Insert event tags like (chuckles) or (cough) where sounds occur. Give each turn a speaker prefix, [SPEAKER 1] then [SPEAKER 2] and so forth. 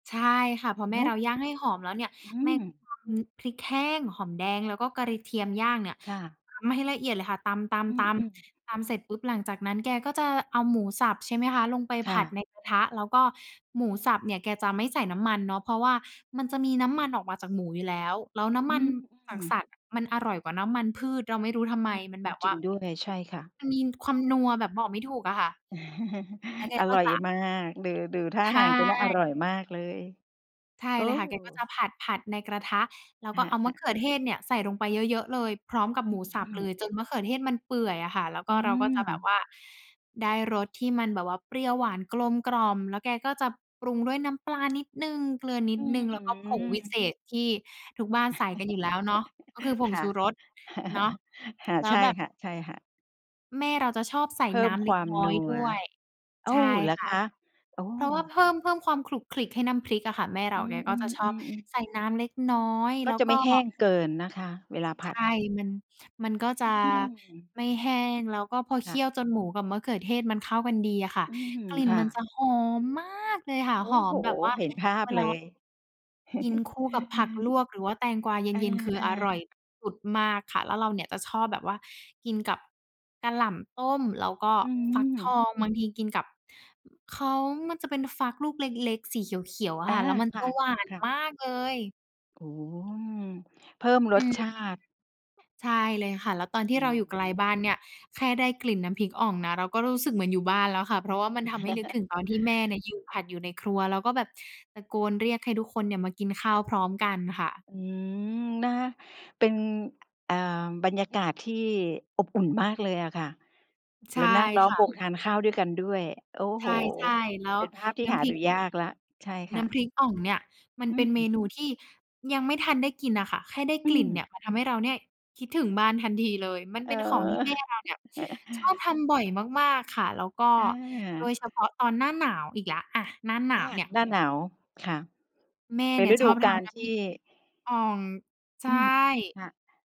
[SPEAKER 1] ใช่ค่ะ พอแม
[SPEAKER 2] เ
[SPEAKER 1] ่
[SPEAKER 2] นา
[SPEAKER 1] เร
[SPEAKER 2] ะ
[SPEAKER 1] าย่างให้หอมแล้วเนี่ย
[SPEAKER 2] อื
[SPEAKER 1] แม่ก
[SPEAKER 2] ม
[SPEAKER 1] ็ตำพริกแห้ง หอมแดง แล้วก็กระเทียม ย่างเนี่ย
[SPEAKER 2] ค่ะ
[SPEAKER 1] ตำให้ละเอียดเลยค่ะ ตำ ๆ
[SPEAKER 2] อืม ๆ
[SPEAKER 1] ๆ ตำเสร็จปุ๊บ หลังจากนั้นแกก็จะเอาหมูสับ ใช่ไหมคะ ลงไป
[SPEAKER 2] ค
[SPEAKER 1] ผ
[SPEAKER 2] ่
[SPEAKER 1] ัด
[SPEAKER 2] ะ
[SPEAKER 1] ในกระทะ แล้วก็หมูสับเนี่ยแกจะไม่ใส่น้ำมันเนาะ เพราะว่ามันจะมีน้ำมันออกมาจากหมูอยู่แล้ว แล้วน้
[SPEAKER 2] อ
[SPEAKER 1] ำ
[SPEAKER 2] ื
[SPEAKER 1] มันจาก
[SPEAKER 2] ม
[SPEAKER 1] ส
[SPEAKER 2] ๆ
[SPEAKER 1] ัตว์ มันอร่อยกว่าน้ำมันพืช เราไม่รู้ทำไม
[SPEAKER 2] อืม
[SPEAKER 1] มันแบบว
[SPEAKER 2] จร
[SPEAKER 1] ่
[SPEAKER 2] ิ
[SPEAKER 1] า
[SPEAKER 2] งด้วย ใช่ค่ะ
[SPEAKER 1] มันมีความนัวแบบบอกไม่ถูกอะค่ะ
[SPEAKER 2] (chuckles)
[SPEAKER 1] แล้วแก
[SPEAKER 2] อ
[SPEAKER 1] ก็
[SPEAKER 2] ร่อ
[SPEAKER 1] จ
[SPEAKER 2] ย
[SPEAKER 1] ะ
[SPEAKER 2] มาก ดู ดูท่
[SPEAKER 1] ใ
[SPEAKER 2] า
[SPEAKER 1] ช
[SPEAKER 2] ทางจะน่าอร
[SPEAKER 1] ่
[SPEAKER 2] ่อยมากเลย
[SPEAKER 1] ใช่
[SPEAKER 2] โอ้
[SPEAKER 1] เลยค่ะ
[SPEAKER 2] โ
[SPEAKER 1] แกก็จะ
[SPEAKER 2] ฮ
[SPEAKER 1] ผัด ๆ ในกระทะ แล้วก็
[SPEAKER 2] ค
[SPEAKER 1] เอาม
[SPEAKER 2] ่
[SPEAKER 1] ะ
[SPEAKER 2] ะ ๆ
[SPEAKER 1] เขือเทศเนี่ยใส่ลงไปเยอะ ๆ เลย พร้อมกับหมูสับ
[SPEAKER 2] อื
[SPEAKER 1] เ
[SPEAKER 2] ม
[SPEAKER 1] ลย
[SPEAKER 2] ๆ
[SPEAKER 1] จนมะเขือเทศมันเปื่อยอะค่ะ แล้วก
[SPEAKER 2] อ
[SPEAKER 1] ็
[SPEAKER 2] ื
[SPEAKER 1] เราก็จะแบบ
[SPEAKER 2] ม
[SPEAKER 1] ว่าได้รสที่มันแบบว่าเปรี้ยวหวาน กลมกล่อม แล้วแกก็จะปรุงด้วยน้ำปลานิดหนึ่ง เกลือนิ
[SPEAKER 2] อ
[SPEAKER 1] ด
[SPEAKER 2] ื้
[SPEAKER 1] ห
[SPEAKER 2] อ
[SPEAKER 1] นึ่ง แล้วก็ผ
[SPEAKER 2] ฮื
[SPEAKER 1] งวิเ
[SPEAKER 2] อ
[SPEAKER 1] ศษ ที่ทุกบ้านใส่กันอยู่แล้วเนาะ ก็คือ
[SPEAKER 2] (chuckles)
[SPEAKER 1] ผง
[SPEAKER 2] ค่
[SPEAKER 1] ช
[SPEAKER 2] ะ
[SPEAKER 1] ูรส เนาะ
[SPEAKER 2] (chuckles) ค่ะ
[SPEAKER 1] แล
[SPEAKER 2] ใ
[SPEAKER 1] ้
[SPEAKER 2] ช
[SPEAKER 1] ว
[SPEAKER 2] ่
[SPEAKER 1] แบบ
[SPEAKER 2] ค่ะ ๆ
[SPEAKER 1] แม่เราจะชอบใส่
[SPEAKER 2] เพิ
[SPEAKER 1] น
[SPEAKER 2] ่
[SPEAKER 1] ้
[SPEAKER 2] ม
[SPEAKER 1] ำเ
[SPEAKER 2] ค
[SPEAKER 1] ล็
[SPEAKER 2] ว
[SPEAKER 1] ก
[SPEAKER 2] าม
[SPEAKER 1] น้อ
[SPEAKER 2] น
[SPEAKER 1] ย
[SPEAKER 2] ั
[SPEAKER 1] ด
[SPEAKER 2] ว
[SPEAKER 1] ้วย
[SPEAKER 2] โอ
[SPEAKER 1] ใช
[SPEAKER 2] ้!
[SPEAKER 1] ่
[SPEAKER 2] เหรอ
[SPEAKER 1] ค่ะ
[SPEAKER 2] คะ? โอ้
[SPEAKER 1] เพราะว่าเพิ่ม เพิ่มความขลุกขลิกให้น้ำพริกอะค่ะ แม่เร
[SPEAKER 2] อื
[SPEAKER 1] าแกก็จะ
[SPEAKER 2] ม
[SPEAKER 1] ชอบ
[SPEAKER 2] ๆ ๆ ๆ
[SPEAKER 1] ใส่น้ำเล็กน้อย
[SPEAKER 2] ก
[SPEAKER 1] แ
[SPEAKER 2] ็
[SPEAKER 1] ล้ว
[SPEAKER 2] จะไ
[SPEAKER 1] ก
[SPEAKER 2] ม
[SPEAKER 1] ็
[SPEAKER 2] ่แห้งเกินนะคะ เวลาผ
[SPEAKER 1] ใช
[SPEAKER 2] ั
[SPEAKER 1] ่
[SPEAKER 2] ด
[SPEAKER 1] มัน มันก็จะ
[SPEAKER 2] อืม
[SPEAKER 1] ไม่แห้ง แล้วก็พอเค
[SPEAKER 2] ค่
[SPEAKER 1] ี่ยว
[SPEAKER 2] ะ
[SPEAKER 1] จนหมูกับมะเขือเทศมันเข้ากันดีอะค่ะ
[SPEAKER 2] อืม
[SPEAKER 1] กลิ่น
[SPEAKER 2] ค่
[SPEAKER 1] ม
[SPEAKER 2] ะ
[SPEAKER 1] ันจะหอม มาก เลยค่ะ
[SPEAKER 2] โอ
[SPEAKER 1] ห
[SPEAKER 2] ้
[SPEAKER 1] อ
[SPEAKER 2] โ
[SPEAKER 1] ม
[SPEAKER 2] ฮ
[SPEAKER 1] แบบว่า
[SPEAKER 2] เห็นภา
[SPEAKER 1] เ
[SPEAKER 2] พ
[SPEAKER 1] วล
[SPEAKER 2] เ
[SPEAKER 1] า
[SPEAKER 2] ลย
[SPEAKER 1] กินคู่กับผักล
[SPEAKER 2] (chuckles)
[SPEAKER 1] วก หรือว่าแตงกวาเ
[SPEAKER 2] อา
[SPEAKER 1] ย็น ๆ คืออร่อย
[SPEAKER 2] ๆ
[SPEAKER 1] อุดมากค่ะ แล้วเราเนี่ยจะชอบแบบว่ากินกับกะหล่ำต้ม แล้วก็
[SPEAKER 2] อื
[SPEAKER 1] ฟักท
[SPEAKER 2] ม
[SPEAKER 1] อง บางทีกินกับ เขา มันจะเป็นฟักลูกเล็ก ๆ สีเขียว ๆ อ
[SPEAKER 2] อ
[SPEAKER 1] ะ
[SPEAKER 2] า
[SPEAKER 1] ค่ะ แล้วมัน
[SPEAKER 2] ค
[SPEAKER 1] จะหวาน
[SPEAKER 2] ่ะ ๆ
[SPEAKER 1] มากเลย
[SPEAKER 2] โอ้โฮ อืม เพิ่มร
[SPEAKER 1] อื
[SPEAKER 2] ส
[SPEAKER 1] ม
[SPEAKER 2] ชาติ
[SPEAKER 1] ใช่เลยค่ะ แล้วตอนที
[SPEAKER 2] อ
[SPEAKER 1] ่
[SPEAKER 2] ื
[SPEAKER 1] เราอยู่ไกล
[SPEAKER 2] ม
[SPEAKER 1] บ้านเนี่ย แค่ได้กลิ่นน้ำพริกอ่องนะ เราก็รู้สึกเหมือนอยู่บ้านแล้วค่ะ เพราะว่ามันทำให้นึกถึ
[SPEAKER 2] (chuckles)
[SPEAKER 1] งตอนที่แม่เนี่ยยืนผัดอยู่ในครัว แล้วก็แบบตะโกนเรียกให้ทุกคนเนี่ย มากินข้าวพร้อมกันค่ะ
[SPEAKER 2] อืม นะ เป็น เอ่อ บรรยากาศที่อบอุ่นมากเลยอะค่ะ
[SPEAKER 1] ใ
[SPEAKER 2] แ
[SPEAKER 1] ช
[SPEAKER 2] ล้
[SPEAKER 1] ่
[SPEAKER 2] วนั่งล้อ
[SPEAKER 1] ค
[SPEAKER 2] ม
[SPEAKER 1] ่
[SPEAKER 2] ว
[SPEAKER 1] ะ
[SPEAKER 2] งทานข้าวด้วยกันด้วย โอ้
[SPEAKER 1] ใ
[SPEAKER 2] โฮ
[SPEAKER 1] ช่ ๆ แล้
[SPEAKER 2] เ
[SPEAKER 1] ว
[SPEAKER 2] ป็นภาพที่
[SPEAKER 1] น้
[SPEAKER 2] หา
[SPEAKER 1] ำพริ
[SPEAKER 2] ดู
[SPEAKER 1] ก
[SPEAKER 2] ยากแล้ว ใช่ค
[SPEAKER 1] น้
[SPEAKER 2] ่ะ
[SPEAKER 1] ำพริกอ่องเนี่ย มัน
[SPEAKER 2] อื
[SPEAKER 1] เป็นเม
[SPEAKER 2] ม
[SPEAKER 1] นูที่ยังไม่ทันได้กินอะค่ะ แค่ได้
[SPEAKER 2] อื
[SPEAKER 1] กลิ่นเน
[SPEAKER 2] ม
[SPEAKER 1] ี่ย มันทำให้เราเนี่ยคิดถึงบ้านทันทีเลย มัน
[SPEAKER 2] เ
[SPEAKER 1] เ
[SPEAKER 2] อ
[SPEAKER 1] ป็นของที่แม่เราเนี่ย
[SPEAKER 2] อ
[SPEAKER 1] ชอบ
[SPEAKER 2] (chuckles)
[SPEAKER 1] ทำบ่อยมาก ๆ ค่ะ แล้วก็
[SPEAKER 2] อ
[SPEAKER 1] โดย
[SPEAKER 2] า
[SPEAKER 1] เฉพาะตอนหน้าหนาวอีกแล้ว อะ หน้าหน
[SPEAKER 2] อ
[SPEAKER 1] า
[SPEAKER 2] า
[SPEAKER 1] วเนี่ย
[SPEAKER 2] หน้าหนาว ค่ะ
[SPEAKER 1] แม่
[SPEAKER 2] เป็
[SPEAKER 1] เน
[SPEAKER 2] น
[SPEAKER 1] ี่ย
[SPEAKER 2] ฤ
[SPEAKER 1] ช
[SPEAKER 2] ด
[SPEAKER 1] อ
[SPEAKER 2] ู
[SPEAKER 1] บ
[SPEAKER 2] ก
[SPEAKER 1] ท
[SPEAKER 2] าล
[SPEAKER 1] ำน้
[SPEAKER 2] ท
[SPEAKER 1] ำพริ
[SPEAKER 2] ี่
[SPEAKER 1] ก อ่อง ใช
[SPEAKER 2] อ
[SPEAKER 1] ่
[SPEAKER 2] ืม ค่ะ